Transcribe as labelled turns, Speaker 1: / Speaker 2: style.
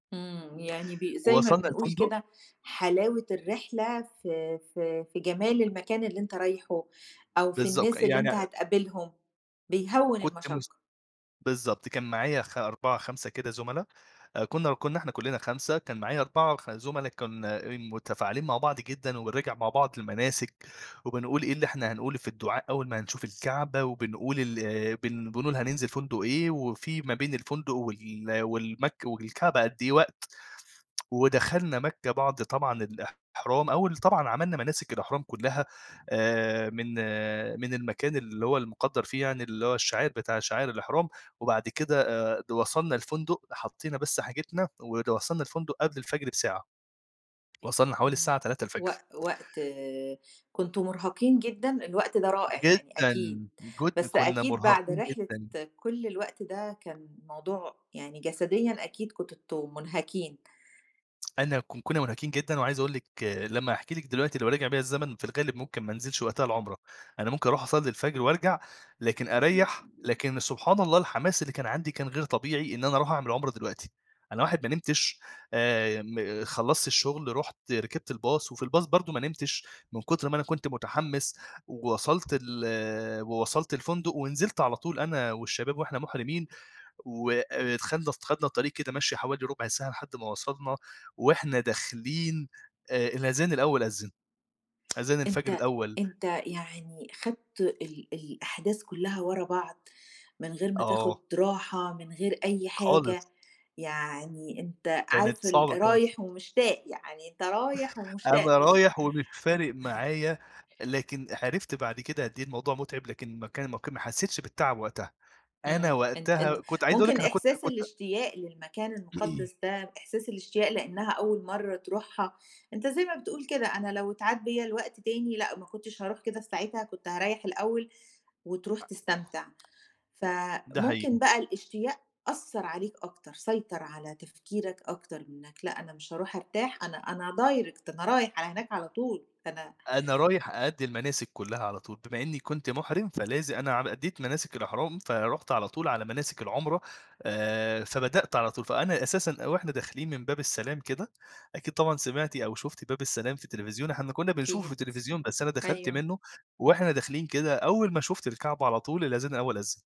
Speaker 1: إمم، يعني ب زي ما
Speaker 2: وصلنا
Speaker 1: بنقول
Speaker 2: الفندق
Speaker 1: كده، حلاوة الرحلة في في في جمال المكان اللي أنت رايحُه، أو في
Speaker 2: بالضبط،
Speaker 1: الناس اللي أنت
Speaker 2: يعني
Speaker 1: هتقابلهم، بيهوّن
Speaker 2: كُنت مُس
Speaker 1: المشقة.
Speaker 2: بالضبط كان معايا خ 4، 5 كده زُملا آآ كنا كنا إحنا كلّنا 5 كان معايا 4 ف زُملا كُنا إن مُتفاعلين مع بعض جدًا، وبنراجع مع بعض المناسِك، وبنقول إيه اللي إحنا هنقوله في الدعاء أول ما هنشوف الكعبة وبنقول ال بن بنقول هننزل فندق إيه، وفي ما بين الفندق وال والمك والكعبة قد إيه وقت، ودخلنا مكة بعد طبعًا الإحرام، أول طبعًا عملّنا مناسِك الإحرام كلّها آآ، من من المكان اللي هو المُقدّر فيه يعني اللي هو الشع بتاع شعائِرالإحرام، وبعد كده آآ، د وصلنا الفندق حَطينا بس حاجتنا ود وصلنا الفندق قبل الفجر بساعة. وصلنا حوالي الساعة
Speaker 1: امم،
Speaker 2: 03:00
Speaker 1: وق وقت كنتم مُرهقين جدًا؟ الوقت ده رائع يعني
Speaker 2: جدًا،
Speaker 1: أكيد،
Speaker 2: جودن
Speaker 1: بس
Speaker 2: كُنا
Speaker 1: أكيد بعد
Speaker 2: مُرهَقين
Speaker 1: رحلة
Speaker 2: جدًا.
Speaker 1: كل الوقت ده، كان موضوع يعني جسديًا أكيد كنتم مُنهكين.
Speaker 2: أنا ك كُنا مُنهكين جدًا، وعايز أقول لِك لمّا هاحكِي لِك دلوقتي لو رجع بيَّ الزمن في الغالب مُمكن ما أنزِلش وقتها العمرة. أنا مُمكن أروح أصلي الفجر وأرجع، لكن أريح، لكن سبحان الله الحماس اللي كان عندي كان غير طبيعي إن أنا أروح أعمل عُمرة دلوقتي، أنا واحد ما نمتش آآ، ي م خلصت الشغل رُحت ركبت الباص وفي الباص برضه ما نمتش، من كتر ما أنا كنت متحمس، وصلت ال ووصلت الفندق، ونزلت على طول أنا والشباب وإحنا مُحرمِين. و آآ، ت خدنا اس خدنا الطريق كده مَشيِّ حوالي ربع ساعة لحد ما وصلنا وإحنا داخلين آآ، الأذان الأول أذّن. أذان الفجر
Speaker 1: أنت
Speaker 2: الأول
Speaker 1: أنت يعني خدت ال ال الأحداث كلّها ورا بعض، من غير ما تاخذ
Speaker 2: آه.
Speaker 1: راحة من غير أي
Speaker 2: خالص.
Speaker 1: حاجة، يعني أنت
Speaker 2: كانت
Speaker 1: عارف ال
Speaker 2: صعبة كانت ص
Speaker 1: رايح ومشتاق يعني أنت رايح ومشتاق
Speaker 2: أنا
Speaker 1: مش
Speaker 2: رايح ومش فارق معايا، لكن عرِفت بعد كده قد إيه الموضوع متعب، لكن ما كا ما ك ما حسّيتش بالتعب وقتها، أنا
Speaker 1: إمم أنت أنت
Speaker 2: وقتها كنت عايز أقول لِك
Speaker 1: مُمكن
Speaker 2: أنا كنت
Speaker 1: إحساس
Speaker 2: كنت
Speaker 1: الإشتياق للمكان المُقدّس ده، إحساس الإشتياق لأنها أول مرة تروحها، أنت زي ما بتقول كده "أنا لو إتعاد بّيا الوقت تاني لأ، ما كُنتش هاروح كده في ساعتها، كنت هاريِّح الأول." وتروح
Speaker 2: أأ أخ
Speaker 1: تستمتع،
Speaker 2: ده
Speaker 1: فمُمكن
Speaker 2: حقيقي.
Speaker 1: بقى الإشتياق أثّر عليك أكتر، سيطر على تفكيرك أكتر مِنك لأ، أنا مش هاروح أرتاح أنا أنا direct أنا رايح على هناك على طول، أنا
Speaker 2: أنا رايح أأدي المناسِك كُلّها على طول، بما إني كنت مُحرِم فلاز أنا ع أديت مناسِك الإحرام. فرُحت على طول على مناسِك العمرة، آآ، فبدأت على طول، فأنا أساسًا وإحنا داخلين من باب السلام كده، أكيد طبعًا سمعتِ أو شُفتِ باب السلام في التليفزيون، إحنا كنا بنشوفه في
Speaker 1: أكيد،
Speaker 2: التليفزيون. بس أنا دخلت
Speaker 1: أيوه.
Speaker 2: منه، وإحنا داخلين كده أول ما شُفت الكعبة على طول، الأذان الأول أذن.